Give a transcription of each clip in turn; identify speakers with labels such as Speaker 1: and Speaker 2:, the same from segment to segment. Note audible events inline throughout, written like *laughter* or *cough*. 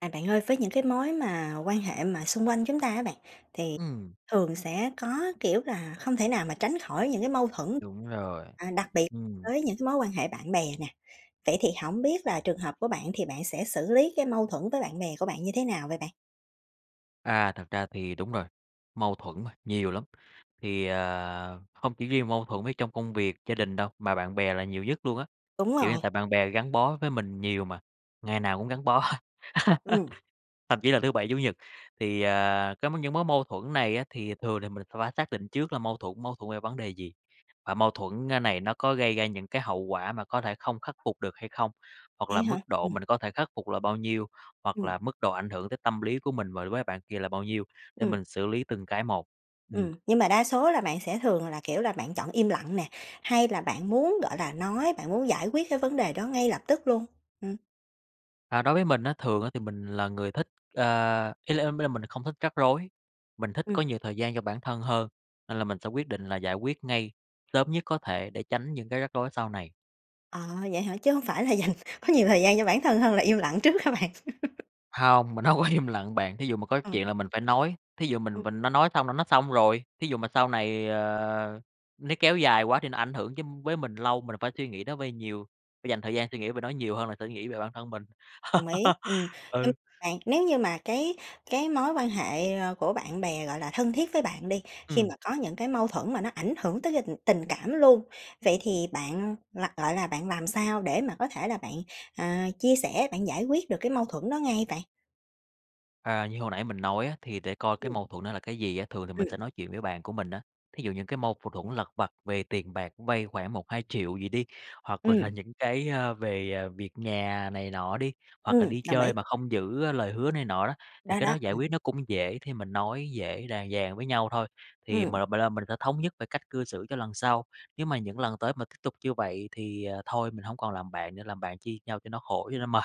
Speaker 1: À, bạn ơi, với những cái mối mà quan hệ mà xung quanh chúng ta á bạn, thì
Speaker 2: Ừm.
Speaker 1: thường sẽ có, kiểu, là không thể nào mà tránh khỏi những cái mâu thuẫn,
Speaker 2: Đúng rồi,
Speaker 1: à, đặc biệt
Speaker 2: ừm.
Speaker 1: với những cái mối quan hệ bạn bè nè. Vậy thì hổng biết là trường hợp của bạn thì bạn sẽ xử lý cái mâu thuẫn với bạn bè của bạn như thế nào vậy bạn?
Speaker 2: À, thật ra thì đúng rồi, mâu thuẫn mà, nhiều lắm. Thì, ờ, không chỉ riêng mâu thuẫn với trong công việc, gia đình đâu, mà bạn bè là nhiều nhất luôn á.
Speaker 1: Đúng
Speaker 2: Kiểu như
Speaker 1: rồi.
Speaker 2: tại bạn bè gắn bó với mình nhiều mà, ngày nào cũng gắn bó, *laughs*
Speaker 1: Ừm.
Speaker 2: thậm chí là thứ Bảy, Chủ nhật. Thì, à, cái m những mối mâu thuẫn này á, thì thường là mình sẽ hỏa xác định trước là mâu thuẫn mâu thuẫn về vấn đề gì? Và mâu thuẫn, ơ, này nó có gây ra những cái hậu quả mà có thể không khắc phục được hay không? Hoặc là
Speaker 1: Vậy hả?
Speaker 2: mức độ
Speaker 1: Ừm.
Speaker 2: mình có thể khắc phục là bao nhiêu? Hoặc
Speaker 1: Ừm.
Speaker 2: là mức độ ảnh hưởng tới tâm lý của mình và đối với bạn kia là bao nhiêu để
Speaker 1: Ừm.
Speaker 2: mình xử lý từng cái một. Ừm.
Speaker 1: Ừm, nhưng mà đa số là bạn sẽ thường là, kiểu là, bạn chọn im lặng nè, hay là bạn muốn, gọi là, nói, bạn muốn giải quyết cái vấn đề đó ngay lập tức luôn? Ừm.
Speaker 2: À, đối với mình á, thường á, thì mình là người thích, ơ ý l ý là mình không thích rắc rối. Mình thích
Speaker 1: Ừm.
Speaker 2: có nhiều thời gian cho bản thân hơn nên là mình sẽ quyết định là giải quyết ngay, sớm nhất có thể để tránh những cái rắc rối sau này.
Speaker 1: À, vậy hả, chứ hông phải là dành có nhiều thời gian cho bản thân hơn là im lặng trước hả bạn? *laughs*
Speaker 2: Hông, mình hông có im lặng bạn. Thí dụ mà có
Speaker 1: Ừ.
Speaker 2: chuyện là mình phải nói, thí dụ mình
Speaker 1: Ừm.
Speaker 2: mình nó nói xong là nó xong rồi. Thí dụ mà sau này, ờ, nó kéo dài quá thì nó ảnh hưởng chứ với mình lâu, mình phải suy nghĩ nó vơi nhiều, phải dành thời gian suy nghĩ và nói nhiều hơn là sẽ nghĩ về bản thân mình.
Speaker 1: Đồng ý. Ừm,
Speaker 2: *laughs*
Speaker 1: như
Speaker 2: Ừ.
Speaker 1: bạn, nếu như mà cái cái mối quan hệ của bạn bè, gọi là, thân thiết với bạn đi, khi
Speaker 2: Ừm.
Speaker 1: mà có những cái mâu thuẫn mà nó ảnh hưởng tới rình tình cảm luôn. Vậy thì bạn l lại là bạn làm sao để mà có thể là bạn, ờ, chia sẻ, bạn giải quyết được cái mâu thuẫn đó ngay vậy?
Speaker 2: À, như hồi nãy mình nói á, thì để coi cái
Speaker 1: Ừm.
Speaker 2: mâu thuẫn nó là cái gì á, thường thì mình
Speaker 1: Ừm.
Speaker 2: sẽ nói chuyện với bạn của mình á. Thí dụ những cái mâu v thuẫn lặt vặt về tiền bạc, vay khoảng 1-2 triệu gì đi, hoặc là
Speaker 1: Ừm.
Speaker 2: những cái, à, về, à, việc nhà này nọ đi, hoặc là
Speaker 1: Ừm,
Speaker 2: đi
Speaker 1: đồng ý.
Speaker 2: chơi mà không giữ, ơ, lời hứa này nọ đó, thì
Speaker 1: Đó,
Speaker 2: cái đó
Speaker 1: đó,
Speaker 2: giải
Speaker 1: ừm.
Speaker 2: quyết nó cũng dễ. Thì mình nói dễ đàng dàng với nhau thôi, thì
Speaker 1: Ừm.
Speaker 2: mình m b lo mình sẽ thống nhất về cách cư xử cho lần sau. Nếu mà những lần tới mà tiếp tục như vậy thì, ờ, thôi, mình hổng còn làm bạn nữa, làm bạn chi nhau cho nó khổ, cho nó mệt.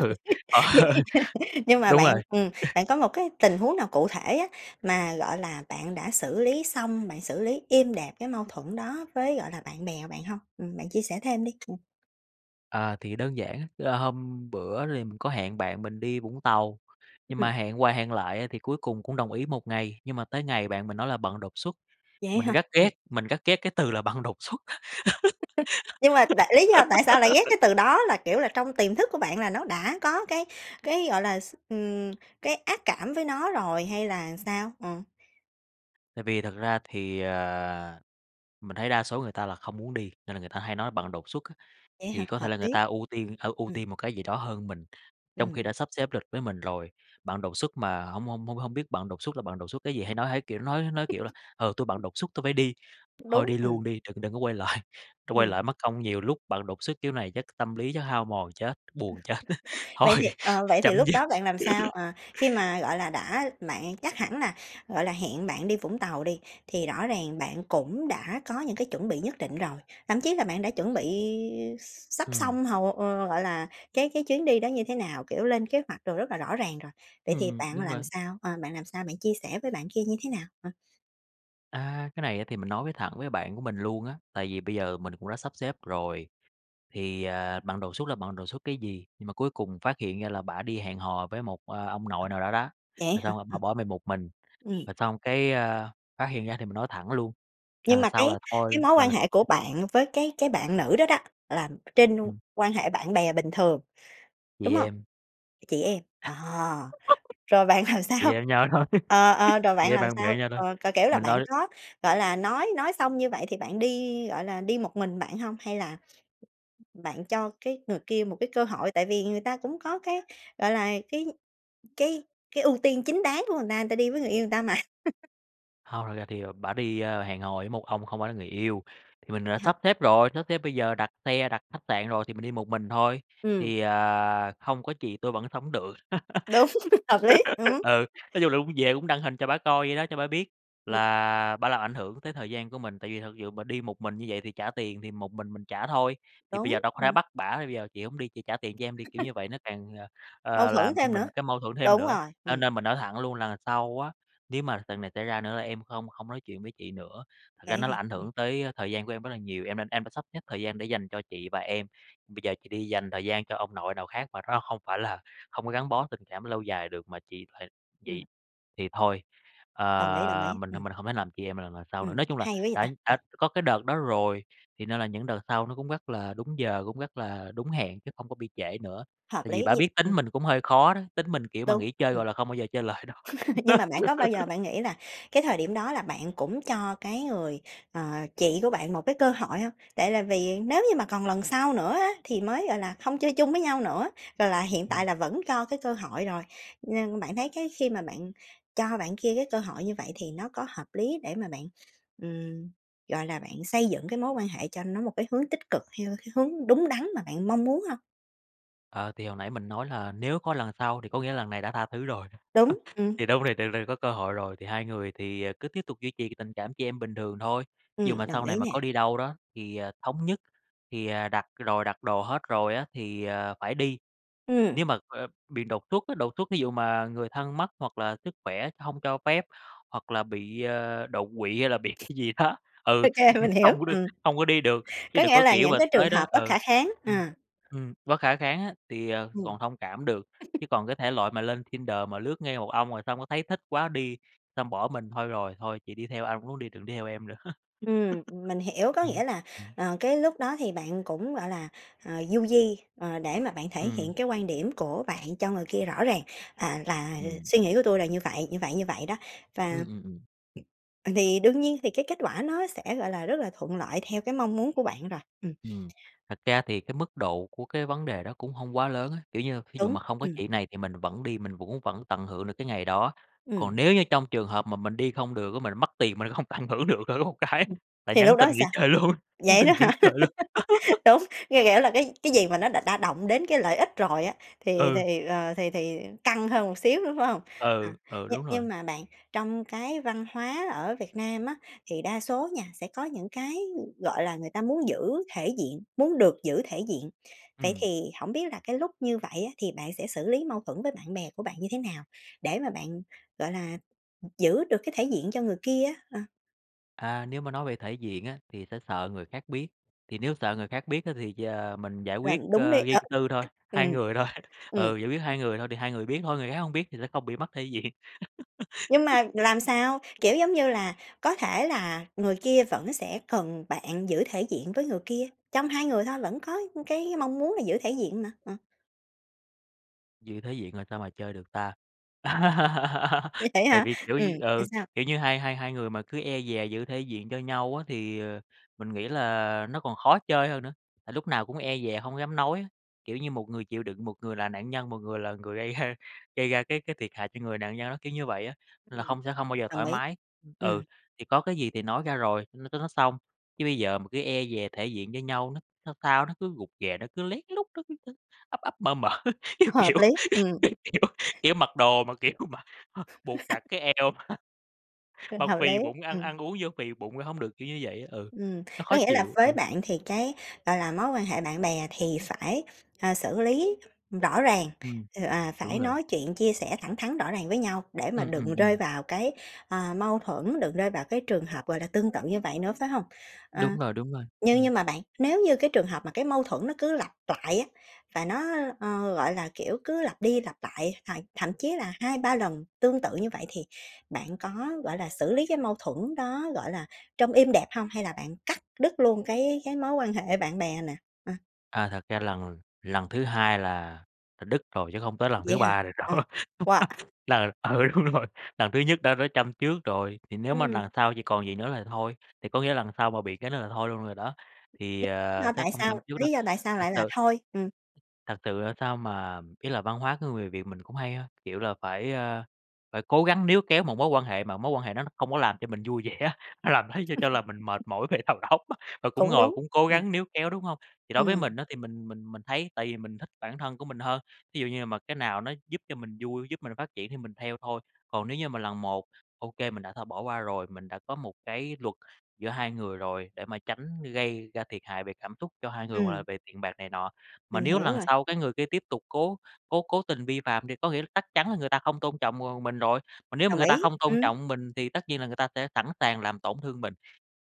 Speaker 2: Ừ, ờ.
Speaker 1: Vẫn y chang. Nhưng mà
Speaker 2: Đúng
Speaker 1: bạn,
Speaker 2: rồi.
Speaker 1: ừm,
Speaker 2: *chuckles*
Speaker 1: bạn có một cái tình huống nào cụ thể á, mà, gọi là, bạn đã xử lý xong, bạn xử lý êm đẹp cái mâu thuẫn đó với, gọi là, bạn bè bạn hông? Ừm, bạn chia sẻ thêm đi? Ừm.
Speaker 2: À, thì đơn giản á, là hôm bữa thì mình có hẹn bạn mình đi Vũng Tàu.
Speaker 1: Ưm,
Speaker 2: Nhưng
Speaker 1: ừm.
Speaker 2: mà hẹn qua hẹn lại á, thì cuối cùng cũng đồng ý một ngày, nhưng mà tới ngày bạn mình nói là bận đột xuất.
Speaker 1: Vậy
Speaker 2: Mình
Speaker 1: hả?
Speaker 2: rất ghét,
Speaker 1: Ừm.
Speaker 2: mình rất ghét cái từ là bận đột xuất.
Speaker 1: *laughs* Nhưng mà tại lí do tại sao lại
Speaker 2: *laughs*
Speaker 1: ghét cái từ đó? Là, kiểu, là trong tiềm thức của bạn là nó đã có cái cái, gọi là, s ừm, cái ác cảm với nó rồi hay là sao? Ờ.
Speaker 2: Tại vì thật ra thì, ờ, mình thấy đa số người ta là không muốn đi, nên là người ta hay nói bận đột xuất á.
Speaker 1: Vậy hả?
Speaker 2: Thì có thể
Speaker 1: Hợp
Speaker 2: là người
Speaker 1: lý.
Speaker 2: ta ưu tiên hở ưu
Speaker 1: Ừm.
Speaker 2: tiên một cái gì đó hơn mình, trong khi
Speaker 1: Ừm.
Speaker 2: đã sắp xếp lịch với mình rồi, bận đột xuất mà hông hông hông hông biết bận đột xuất là bận đột xuất cái gì. Hay nói, hay cái kiểu nói nói, kiểu, là "Ờ, tôi bận
Speaker 1: *chuckles*
Speaker 2: đột xuất, tôi phải đi." Thôi
Speaker 1: Đúng.
Speaker 2: đi
Speaker 1: Ừm.
Speaker 2: luôn đi, đựng đựng có quay lại, tôi quay
Speaker 1: Ừm.
Speaker 2: lại mất công nhiều lúc bận đột xuất kiểu này chắc tâm lý chắc hao mòn chết, buồn chết, *laughs* thôi,
Speaker 1: Vậy thì ờ, vậy thì
Speaker 2: chấm
Speaker 1: lúc
Speaker 2: dứt.
Speaker 1: đó bạn làm sao?
Speaker 2: *laughs*
Speaker 1: Ờ, khi mà, gọi là, đã bạn chắc hẳn là, gọi là, hẹn bạn đi Vũng Tàu đi, thì rõ ràng bạn cũng đã có những cái chuẩn bị nhất định rồi. Thậm chí là bạn đã chuẩn bị x sắp
Speaker 2: Ừm.
Speaker 1: xong hầu ờ, gọi là, cái cái chuyến đi đó như thế nào, kiểu, lên kế hoạch đồ rất là rõ ràng rồi. Vậy thì
Speaker 2: Ừm,
Speaker 1: bạn
Speaker 2: đúng
Speaker 1: làm
Speaker 2: bạn.
Speaker 1: sao, ờ, bạn làm sao? Bạn chia sẻ với bạn kia như thế nào? Ờ.
Speaker 2: A, cái này á thì mình nói với thẳng với bạn của mình luôn á, tại vì bây giờ mình cũng đã sắp xếp rồi thì, à, bận đột xuất là bận đột xuất cái gì, nhưng mà cuối cùng phát hiện ra là bả đi hẹn hò với một, a, ông nội nào đó đó.
Speaker 1: Vậy
Speaker 2: Rồi
Speaker 1: á hả?
Speaker 2: xong bả
Speaker 1: Ừm.
Speaker 2: bỏ mình một mình,
Speaker 1: Ừm.
Speaker 2: rồi xong cái, ơ, phát hiện ra thì mình nói thẳng luôn,
Speaker 1: Nhưng
Speaker 2: lần
Speaker 1: mà
Speaker 2: sau
Speaker 1: cái
Speaker 2: là thôi
Speaker 1: cái mối quan
Speaker 2: là
Speaker 1: hệ của
Speaker 2: *unintelligible*
Speaker 1: bạn với cái cái bạn nữ đó đó là trên
Speaker 2: Ừm.
Speaker 1: quan hệ bạn bè bình thường,
Speaker 2: Chị
Speaker 1: đúng hông?
Speaker 2: em.
Speaker 1: Chị em. Ờ,
Speaker 2: *laughs*
Speaker 1: rồi bạn làm
Speaker 2: Chị em
Speaker 1: sao?
Speaker 2: với nhau thôi,
Speaker 1: Ờ, ờ,
Speaker 2: *laughs*
Speaker 1: rồi
Speaker 2: chị
Speaker 1: bạn
Speaker 2: em
Speaker 1: làm
Speaker 2: bạn bè
Speaker 1: sao?
Speaker 2: với nhau thôi,
Speaker 1: Ờ, kiểu, kiểu
Speaker 2: thì
Speaker 1: là,
Speaker 2: mình
Speaker 1: bạn
Speaker 2: nói
Speaker 1: có, gọi là, nói nói xong như vậy thì bạn đi, gọi là, đi một mình bạn hông, hay là bạn cho cái người kia một cái cơ hội? Tại vì người ta cũng có cái, gọi là, cái cái cái ưu tiên chính đáng của người ta, người ta đi với người yêu người ta mà. *laughs*
Speaker 2: Hông, thật ra thì, ờ, bả đi hẹn hò với một ông không phải là người yêu. Thì mình đã
Speaker 1: Hả?
Speaker 2: sắp xếp rồi, sắp xếp bây giờ đặt xe, đặt khách sạn rồi thì mình đi một mình thôi,
Speaker 1: Ừm.
Speaker 2: thì, ờ, không có chị tôi vẫn sống được.
Speaker 1: Đúng, hợp lý,
Speaker 2: *laughs*
Speaker 1: ừm.
Speaker 2: Ừ, nói chung là cũng về cũng đăng hình cho bả coi vậy đó, cho bả biết
Speaker 1: Ừm.
Speaker 2: là bả làm ảnh hưởng tới thời gian của mình, tại vì thật dự mà đi một mình như vậy thì trả tiền thì một mình mình trả thôi, thì bây giờ
Speaker 1: Đúng,
Speaker 2: đâu có thể
Speaker 1: ừm.
Speaker 2: bắt bả là: "Bây giờ chị hổng đi, chị trả tiền cho em đi!", kiểu như
Speaker 1: *laughs*
Speaker 2: vậy nó càng, ờ,
Speaker 1: Mâu
Speaker 2: ờ,
Speaker 1: thuẫn
Speaker 2: làm cho
Speaker 1: thêm nữa,
Speaker 2: mình cái mâu thuẫn thêm
Speaker 1: đúng
Speaker 2: nữa.
Speaker 1: rồi,
Speaker 2: Cho
Speaker 1: ừm.
Speaker 2: nên mình nói thẳng luôn: "Lần sau á nếu mà lần này xảy ra nữa là em không không nói chuyện với chị nữa. Thật
Speaker 1: Vậy
Speaker 2: ra
Speaker 1: á
Speaker 2: nó là
Speaker 1: hả?
Speaker 2: ảnh
Speaker 1: Ừm.
Speaker 2: hưởng tới thời gian của em rất là nhiều, em nên em đã sắp xếp thời gian để dành cho chị và em, bây giờ chị đi dành thời gian cho ông nội nào khác mà nó không phải là không có gắn bó tình cảm lâu dài được mà chị hệt chị
Speaker 1: Ừm.
Speaker 2: thì thôi,
Speaker 1: Đồng ý, đồng
Speaker 2: ờ,
Speaker 1: ý,
Speaker 2: mình thôi
Speaker 1: ừm.
Speaker 2: mình không thể làm chị em mà lần lần sau nữa."
Speaker 1: Ừm,
Speaker 2: Nói chung là
Speaker 1: hay quá vậy
Speaker 2: đã
Speaker 1: ta! Ừm.
Speaker 2: đã có cái đợt đó rồi thì nên là những đợt sau nó cũng rất là đúng giờ, cũng rất là đúng hẹn chứ không có bị trễ nữa.
Speaker 1: Hợp
Speaker 2: Tại vì
Speaker 1: lý
Speaker 2: bả
Speaker 1: nh
Speaker 2: biết tính
Speaker 1: ừm.
Speaker 2: mình cũng hơi khó đó, tính mình, kiểu, mà
Speaker 1: Đúng,
Speaker 2: nghỉ chơi
Speaker 1: ừm.
Speaker 2: rồi là không bao giờ chơi lại đâu.
Speaker 1: *laughs* Nhưng mà bạn có bao giờ
Speaker 2: *laughs*
Speaker 1: bạn nghĩ là cái thời điểm đó là bạn cũng cho cái người, ờ, chị của bạn một cái cơ hội hông? Tại là vì nếu như mà còn lần sau nữa á thì mới, gọi là, hông chơi chung với nhau nữa, rồi là hiện tại
Speaker 2: Ừm.
Speaker 1: là vẫn cho cái cơ hội rồi. Nên bạn thấy cái khi mà bạn cho bạn kia cái cơ hội như vậy thì nó có hợp lý để mà bạn, ừm, gọi là, bạn xây dựng cái mối quan hệ cho nó một cái hướng tích cực, theo cái hướng đúng đắn mà bạn mong muốn hông?
Speaker 2: Ờ, thì hồi nãy mình nói là nếu có lần sau, thì có nghĩa là lần này đã tha thứ rồi, ơ,
Speaker 1: Đúng, ừm.
Speaker 2: thì đâu có thể tưởng tượng có cơ hội rồi thì hai người thì, à, cứ tiếp tục duy trì tình cảm chị em bình thường thôi. Dụ
Speaker 1: Ừm,
Speaker 2: mà
Speaker 1: đồng
Speaker 2: sau này
Speaker 1: ý
Speaker 2: mà có
Speaker 1: nè.
Speaker 2: đi đâu đó thì, à, thống nhất thì, à, đặt rồi, đặt đồ hết rồi á, thì, à, phải đi,
Speaker 1: Ừm.
Speaker 2: nếu mà, a, bị đột xuất á, đột xuất thí dụ mà người thân mất hoặc là sức khỏe hông cho phép hoặc là bị, a, đột quỵ hay là bị cái gì đó, ừ,
Speaker 1: OK,
Speaker 2: em
Speaker 1: mình hiểu,
Speaker 2: hông có được
Speaker 1: ừm.
Speaker 2: hông có đi được. Chứ
Speaker 1: Có
Speaker 2: đừng
Speaker 1: nghĩa
Speaker 2: có,
Speaker 1: là
Speaker 2: kiểu,
Speaker 1: những
Speaker 2: mà
Speaker 1: cái trường
Speaker 2: tới đó
Speaker 1: hợp bất
Speaker 2: ừ,
Speaker 1: khả kháng, ờ.
Speaker 2: ừm, ừm, bất khả kháng á, thì, ờ,
Speaker 1: Ừm.
Speaker 2: còn thông cảm được, chứ
Speaker 1: *chuckles*
Speaker 2: còn cái thể loại mà lên Tinder mà lướt ngay một ông rồi xong cái thấy thích quá đi, xong bỏ mình, "Thôi rồi, thôi chị đi theo ai, muốn đi, đừng đi theo em nữa." *laughs*
Speaker 1: Ừm, mình hiểu, có
Speaker 2: Ừm,
Speaker 1: nghĩa là,
Speaker 2: ừm.
Speaker 1: ờ, cái lúc đó thì bạn cũng, gọi là, ờ, du di, ờ, để mà bạn thể
Speaker 2: Ừm.
Speaker 1: hiện cái quan điểm của bạn cho người kia rõ ràng, à, là
Speaker 2: Ừm.
Speaker 1: suy nghĩ của tui là như vậy, như vậy, như vậy đó. Và
Speaker 2: Ừm, ừm, ừm.
Speaker 1: ờ, vì đương nhiên thì cái kết quả nó sẽ, gọi là, rất là thuận lợi theo cái mong muốn của bạn rồi, ừm.
Speaker 2: Ừm, thật ra thì cái mức độ của cái vấn đề đó cũng hông quá lớn á, kiểu như, thí dụ
Speaker 1: Đúng,
Speaker 2: mà hông có
Speaker 1: ừm.
Speaker 2: chị này thì mình vẫn đi, mình cũng vẫn tận hưởng được cái ngày đó. Còn
Speaker 1: Ừm.
Speaker 2: nếu như trong trường hợp mà mình đi không được á, mình mất tiền mình cũng hông tận hưởng được thử một cái,
Speaker 1: Ừm,
Speaker 2: là
Speaker 1: thì lúc
Speaker 2: nhắn
Speaker 1: đó
Speaker 2: tin nghỉ
Speaker 1: sao?
Speaker 2: chơi luôn, nhắn
Speaker 1: Vậy
Speaker 2: tin
Speaker 1: đó
Speaker 2: nghỉ
Speaker 1: hả?
Speaker 2: chơi luôn.
Speaker 1: *laughs*
Speaker 2: *laughs*
Speaker 1: Đúng, nghe kiểu, là cái cái gì mà nó đã đã động đến cái lợi ích rồi á, thì
Speaker 2: Ừ.
Speaker 1: thì, ờ, thì thì căng hơn một xíu nữa, phải hông? Ờ,
Speaker 2: Ừ, ừ,
Speaker 1: nh
Speaker 2: đúng rồi.
Speaker 1: nhưng mà bạn, trong cái văn hóa ở Việt Nam á, thì đa số nha sẽ có những cái, ưm, gọi là, người ta muốn giữ thể diện, muốn được giữ thể diện. Vậy
Speaker 2: Ừm.
Speaker 1: thì hổng biết là cái lúc như vậy á, thì bạn sẽ xử lý mâu thuẫn với bạn bè của bạn như thế nào để mà bạn, gọi là, ừm, giữ được cái thể diện cho người kia á? Ờ.
Speaker 2: À, nếu mà nói về thể diện á, thì sẽ sợ người khác biết. Thì nếu sợ người khác biết á, thì giờ mình giải
Speaker 1: Làm
Speaker 2: quyết,
Speaker 1: đúng đi
Speaker 2: ơ, riêng
Speaker 1: ờ,
Speaker 2: tư thôi, hai
Speaker 1: ừm,
Speaker 2: người thôi. *chuckles*
Speaker 1: ừm.
Speaker 2: Ừ, giải quyết hai người thôi thì hai người biết thôi, người khác hông biết thì sẽ không bị mất thể diện.
Speaker 1: Nhưng
Speaker 2: *laughs*
Speaker 1: mà làm sao? Kiểu giống như là có thể là người kia vẫn sẽ cần bạn giữ thể diện với người kia, trong hai người thôi vẫn có cái mong muốn là giữ thể diện mà. Ờ.
Speaker 2: Giữ thể diện rồi sao mà chơi được ta? *laughs*
Speaker 1: Vậy
Speaker 2: Tại
Speaker 1: hả?
Speaker 2: vì, kiểu
Speaker 1: Ừm,
Speaker 2: như
Speaker 1: thế
Speaker 2: ừ,
Speaker 1: sao?
Speaker 2: kiểu như hai hai hai người mà cứ e dè giữ thể diện cho nhau á, thì, ờ, mình nghĩ là nó còn khó chơi hơn nữa. Tại lúc nào cũng e dè hông dám nói á. Kiểu như một người chịu đựng, một người là nạn nhân, một người là người gây ra gây ra cái cái thiệt hại cho người nạn nhân đó, kiểu như vậy á, nên là
Speaker 1: Ừm,
Speaker 2: hông sẽ hông bao giờ
Speaker 1: đồng
Speaker 2: thoải
Speaker 1: ý,
Speaker 2: mái. Ừ.
Speaker 1: ừm.
Speaker 2: Thì có cái gì thì nói ra rồi, n cho nó xong. Chứ bây giờ mà cứ e dè thể diện với nhau, nó sao sao nó cứ rụt rè, nó cứ lén lút, nó cứ, ư, ắp ắp mở mở, kiểu
Speaker 1: Hợp
Speaker 2: kiểu
Speaker 1: lý, ừm.
Speaker 2: kiểu kiểu kiểu mặc đồ mà, kiểu mà h buộc chặt
Speaker 1: *laughs*
Speaker 2: cái eo mà
Speaker 1: Ờ,
Speaker 2: mà
Speaker 1: hợp
Speaker 2: phì
Speaker 1: lý,
Speaker 2: bụng, ăn
Speaker 1: ừm.
Speaker 2: ăn uống vô phì bụng ra hông được, kiểu như vậy á. Ừ,
Speaker 1: Ừm,
Speaker 2: nó
Speaker 1: có
Speaker 2: khó
Speaker 1: nghĩa là
Speaker 2: chịu.
Speaker 1: với
Speaker 2: Ừm.
Speaker 1: bạn thì cái, gọi là, mối quan hệ bạn bè thì phải, ờ, xử lý rõ ràng,
Speaker 2: Ừm,
Speaker 1: ừ, à,
Speaker 2: đúng
Speaker 1: phải
Speaker 2: rồi.
Speaker 1: nói chuyện chia sẻ thẳng thắn rõ ràng với nhau để mà
Speaker 2: Ừm, ừm,
Speaker 1: đừng rơi
Speaker 2: ừm.
Speaker 1: vào cái, à, mâu thuẫn, đừng rơi vào cái trường hợp, gọi là, tương tự như vậy nữa, phải hông? Ờ.
Speaker 2: Đúng rồi, đúng rồi.
Speaker 1: Nhưng
Speaker 2: Ừm.
Speaker 1: nhưng mà bạn, nếu như cái trường hợp mà cái mâu thuẫn nó cứ lặp lại á, và nó, ơ, ờ, gọi là, kiểu, cứ lặp đi lặp lại, th thậm chí là 2-3 lần tương tự như vậy, thì bạn có, gọi là, xử lý cái mâu thuẫn đó, gọi là, trong êm đẹp hông hay là bạn cắt đứt luôn cái cái mối quan hệ bạn bè nè? Ờ.
Speaker 2: À, thật ra lần lần thứ hai là là đứt rồi chứ không tới lần
Speaker 1: Vậy
Speaker 2: thứ
Speaker 1: hả?
Speaker 2: ba nữa đâu,
Speaker 1: Ờ, wow!
Speaker 2: *laughs* là ừ, đúng rồi. Lần thứ nhất đã rớ châm chước rồi, thì nếu mà
Speaker 1: Ừm.
Speaker 2: lần sau thì còn vậy nữa là thôi, thì có nghĩa lần sau mà bị cái nữa là thôi luôn rồi đó, thì,
Speaker 1: *unintelligible*
Speaker 2: ờ,
Speaker 1: do
Speaker 2: chắc
Speaker 1: tại
Speaker 2: không
Speaker 1: sao
Speaker 2: châm chước đâu.
Speaker 1: lý do tại sao
Speaker 2: Thực
Speaker 1: lại là
Speaker 2: sự
Speaker 1: thôi? Ừm.
Speaker 2: thật sự, ơ, sao mà ý là văn hóa của người Việt mình cũng hay ha. Kiểu là phải, a, phải cố gắng níu kéo một mối quan hệ mà mối quan hệ nó không có làm cho mình vui vẻ á, nó làm thấy cho cho là mình mệt
Speaker 1: *laughs*
Speaker 2: mỏi về đầu óc á, và cũng
Speaker 1: Cũng
Speaker 2: ngồi,
Speaker 1: đúng,
Speaker 2: cũng cố
Speaker 1: ừm.
Speaker 2: gắng níu kéo, đúng hông? Thì đối với
Speaker 1: Ừm.
Speaker 2: mình á thì mình mình mình thấy tại vì mình thích bản thân của mình hơn, thí dụ như mà cái nào nó giúp cho mình vui, giúp mình phát triển thì mình theo thôi. Còn nếu như mà lần một, ô kê mình đã thôi bỏ qua rồi, mình đã có một cái luật giữa hai người rồi để mà tránh gây ra thiệt hại về cảm xúc cho hai người, hoặc là
Speaker 1: Ừm.
Speaker 2: về tiền bạc này nọ. Mà
Speaker 1: Mình
Speaker 2: nếu
Speaker 1: hiểu
Speaker 2: lần
Speaker 1: rồi.
Speaker 2: sau cái người kia tiếp tục cố cố cố tình vi phạm thì có nghĩa là chắc chắn là người ta không tôn trọng, ờ, mình rồi. Mà nếu mà
Speaker 1: Đồng
Speaker 2: người ta
Speaker 1: ý.
Speaker 2: không tôn
Speaker 1: Ừm.
Speaker 2: trọng mình thì tất nhiên là người ta sẽ sẵn sàng làm tổn thương mình.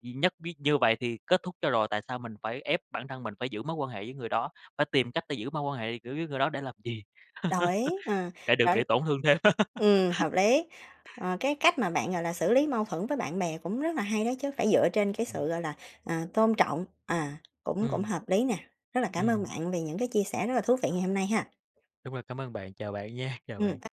Speaker 2: Gì nhất biết như vậy thì kết thúc cho rồi, tại sao mình phải ép bản thân mình phải giữ mối quan hệ với người đó, phải tìm cách để giữ mối quan hệ, kiểu, với người đó để làm gì?
Speaker 1: Đồng
Speaker 2: *laughs*
Speaker 1: ý, ờ,
Speaker 2: Để được
Speaker 1: rõ
Speaker 2: bị tổn thương thêm.
Speaker 1: Ừm,
Speaker 2: *laughs*
Speaker 1: hợp lý. Ờ, cái cách mà bạn, gọi là, xử lý mâu thuẫn với bạn bè cũng rất là hay đó chứ, phải dựa trên cái sự gọi là, à, tôn trọng, à, cũng cũng
Speaker 2: Ừm.
Speaker 1: hợp lý nè. Rất là cảm ơn
Speaker 2: Ừm.
Speaker 1: bạn vì những cái chia sẻ rất là thú vị ngày hôm nay ha!
Speaker 2: Đúng rồi, cám ơn bạn. Chào bạn nha, chào
Speaker 1: Ừm
Speaker 2: bạn!
Speaker 1: *unintelligible*